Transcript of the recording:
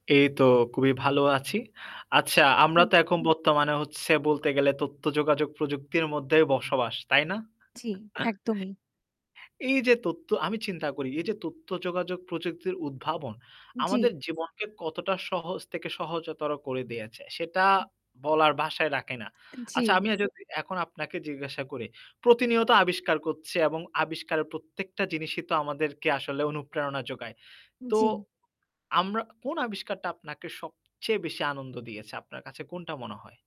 এই তো খুবই ভালো আছি। আচ্ছা আমরা জি। তো এখন বর্তমানে হচ্ছে বলতে গেলে তথ্য যোগাযোগ প্রযুক্তির মধ্যেই বসবাস, তাই না? জি, একদমই। এই যে তথ্য আমি চিন্তা করি, এই যে তথ্য যোগাযোগ প্রযুক্তির উদ্ভাবন উম জি। আমাদের জীবনকে কতটা সহজ থেকে সহজতর করে দিয়েছে, সেটা বলার ভাষায় রাখে না। অ্যা জি। আচ্ছা আমিও যদি এখন আপনাকে জিজ্ঞাসা করি প্রতিনিয়ত আবিষ্কার করছে এবং আবিষ্কারের প্রত্যেকটা জিনিসই তো আমাদেরকে আসলে অনুপ্রেরণা যোগায়। উম তো জি। আমরা কোন আবিষ্কারটা আপনাকে সবচেয়ে বেশি আনন্দ দিয়েছে? আপনার কাছে কোনটা মনে হয়?